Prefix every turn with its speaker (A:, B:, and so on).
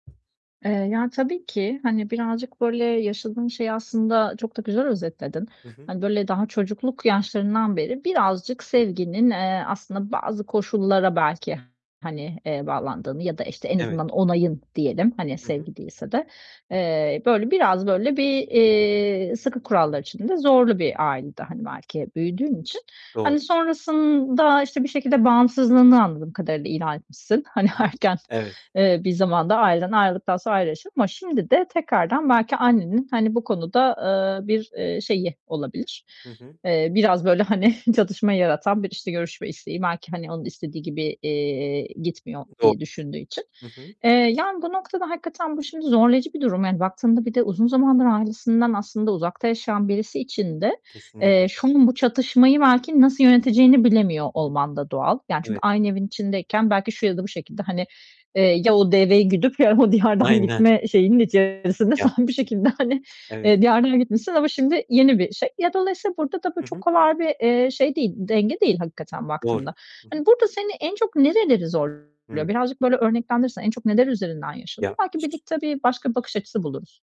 A: Eee, yani tabii ki. Hani, birazcık, böyle, yaşadığın şeyi aslında çok da güzel özetledin.
B: I hı.
A: Hani, böyle, daha çocukluk yaşlarından beri birazcık sevginin, eee, aslında bazı koşullara belki, hani, eee, bağlandığını -ya da, işte, en
B: Evet.
A: azından onayın diyelim, hani,
B: Hı hı.
A: sevgi değilse de eee, böyle, biraz, böyle, bir, eee, sıkı kurallar içinde zorlu bir ailede, hani, belki büyüdüğün içini,
B: Doğru.
A: hani, sonrasında, işte, bir şekilde bağımsızlığını anladığım kadarıyla ilan etmişsin. Hani,
B: Hı hı.
A: erken,
B: Evet.
A: eee, bir zamanda ailenden ayrıldıktan sonra ayrı yaşıyordun ama şimdi de tekrardan belki annenin, hani, bu konuda, eee, bir, eee, şeyi olabilir.
B: Hı hı.
A: Eee, biraz, böyle, hani, çatışma yaratan bir, işte, görüşme isteği. Belki, hani, onun istediği gibi, eee, gitmiyor
B: Doğ
A: diye düşündüğü için.
B: Hı hı.
A: Eee, yani, bu noktada hakikaten bu şimdi zorlayıcı bir durum. Yani, baktığında, bir de uzun zamandır ailesinden aslında uzakta yaşayan birisi için de,
B: Kesinlik
A: eee, [unintelligible] bu çatışmayı belki nasıl yöneteceğini bilemiyor
B: Hı hı.
A: olman da doğal. Yani, çünkü
B: Evet.
A: aynı evin içindeyken belki şu ya da bu şekilde, hani, eee, "Ya o deveyi güdüp ya o diyardan
B: Aynen.
A: gitme" şeyinin içerisinde sen
B: Ya
A: bir şekilde, hani,
B: Evet.
A: eee, diyardan gitmişsin ama şimdi yeni bir şey. Ya, dolayısıyla burada da bu
B: Hı
A: çok
B: hı.
A: kolay bir, eee, şey değil, denge değil hakikaten baktığında.
B: Doğru. Hı hı.
A: Hani, burada seni en çok nereleri zorluyor?
B: Hıı.
A: Birazcık böyle örneklendirirsen en çok neler üzerinden yaşanıyor?
B: Ya
A: Belki
B: Ş
A: birlikte bir başka bakış açısı buluruz.